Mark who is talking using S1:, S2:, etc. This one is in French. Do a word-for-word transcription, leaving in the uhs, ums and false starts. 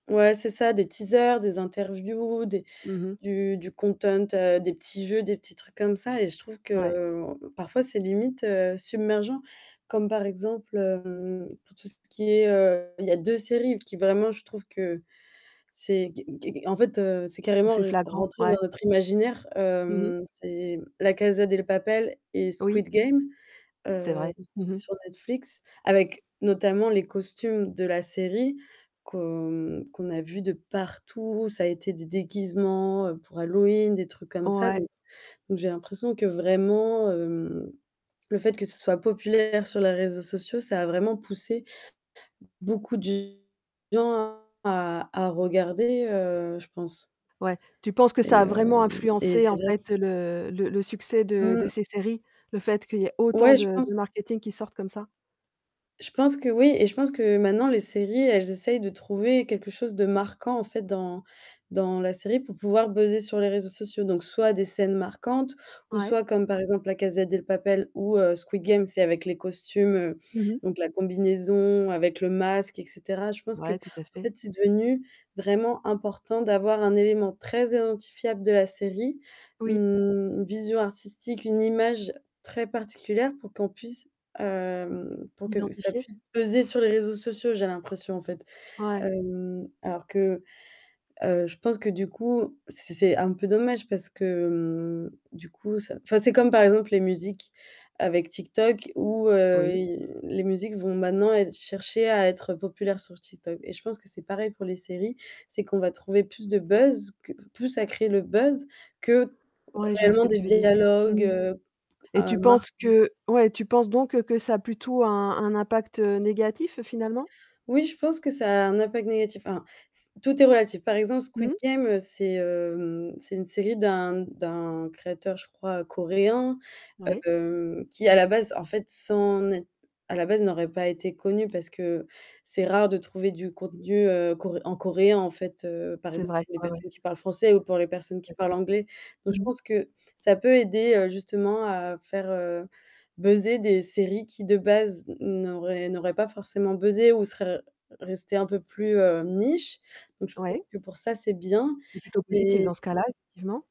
S1: Ouais, c'est ça, des teasers, des interviews, des
S2: Mmh mh.
S1: du du content, heu, des petits jeux, des petits trucs comme ça et je trouve
S2: Ouais.
S1: que parfois, c'est limite, heu, submergent. Comme par exemple, hem, pour tout ce qui est, heu il y a deux séries qui vraiment je trouve que c'est qu qu en fait, heu, c'est
S2: Ou
S1: carrément,
S2: c'est
S1: re
S2: flagrant,
S1: rentré
S2: ouais.
S1: dans notre imaginaire,
S2: Mmh mh.
S1: hem, c'est La Casa Del Papel et
S2: Oui.
S1: Squid Game.
S2: C'est
S1: Heu,
S2: vrai.
S1: s
S2: Mmh mh.
S1: sur Netflix, avec notamment les costumes de la série qu'on qu'on a vus de partout. Ça a été des déguisements, heu, pour Halloween, des trucs comme ça.
S2: Ouais.
S1: Donc donc j'ai l'impression que vraiment, hem, le fait que ce soit populaire sur les réseaux sociaux, ça a vraiment poussé beaucoup de gens à à regarder, heu, je pense
S2: Ouais. Tu penses que ça
S1: et
S2: a vraiment
S1: hem, et
S2: influencé
S1: c'est
S2: en
S1: vrai
S2: fait le le le succès de de
S1: Mmh.
S2: ces séries? Le fait qu'il y ait autant
S1: Ouais,
S2: de
S1: je
S2: de
S1: pense.
S2: marketing qui sorte comme ça?
S1: Je pense que oui, et je pense que maintenant les séries, elles essayent de trouver quelque chose de marquant, en fait, dans dans la série pour pouvoir buzzer sur les réseaux sociaux. Donc soit des scènes marquantes ou
S2: Ouais.
S1: soit comme, par exemple, La Casa Del Papel ou, heu, Squid Game, c'est avec les costumes,
S2: Mmh mh.
S1: donc la combinaison avec le masque, et cetera, je pense
S2: Ouais, tout à
S1: qu'en
S2: fait.
S1: fait, c'est devenu vraiment important d'avoir un élément très identifiable de la série, mmh,
S2: Oui.
S1: une vision artistique, une image très particulière pour qu'on puisse, hem, pour que ça
S2: Identifier?
S1: puisse peser sur les réseaux sociaux j'ai l'impression, en fait.
S2: Ouais.
S1: Hem, alors que heu, je pense que du coup, c'est c'est un peu dommage parce que, mmh, du coup ça enfin, c'est comme, par exemple, les musiques. Avec TikTok où, heu,
S2: Oui.
S1: i les musiques vont maintenant ê chercher à être populaires sur TikTok. Et je pense que c'est pareil pour les séries. C'est qu'on va trouver plus de buzz, qu p plus à créer le buzz, que
S2: Ouais, je vois ce
S1: réellement
S2: que
S1: des
S2: tu veux dire.
S1: dialogues,
S2: Mmh.
S1: heu,
S2: Et
S1: à
S2: tu
S1: mar
S2: penses que ouais tu penses donc que ça a plutôt un un impact, heu, négatif finalement?
S1: Oui, je pense que ça a un impact négatif. Enfin, c tout est relatif. Par exemple, Squid
S2: Mmh.
S1: Game, heu, c'est, hem, c'est une série d'un d'un créateur, je crois, coréen,
S2: Oui.
S1: heu, qui, à la base, en fait, sais Net à la base n'aurait pas été connu parce que c'est rare de trouver du contenu, heu, cor en coréen en fait, heu, par
S2: C'est
S1: exemple,
S2: vrai.
S1: pour les
S2: Ouais, ouais.
S1: personnes qui parlent français ou pour les personnes qui parlent anglais.
S2: [unintelligible]
S1: Donc
S2: Mmh
S1: je
S2: mh.
S1: pense que, ça peut aider, heu, justement à faire, heu, buzzer des séries qui, de base, n n'auraient n'auraient pas forcément buzzé ou seraient re restées un peu plus, heu, niche. Donc je trouve
S2: Ouais.
S1: que pour ça, c'est bien
S2: C'est plutôt positif
S1: et
S2: dans ce cas-là, effectivement.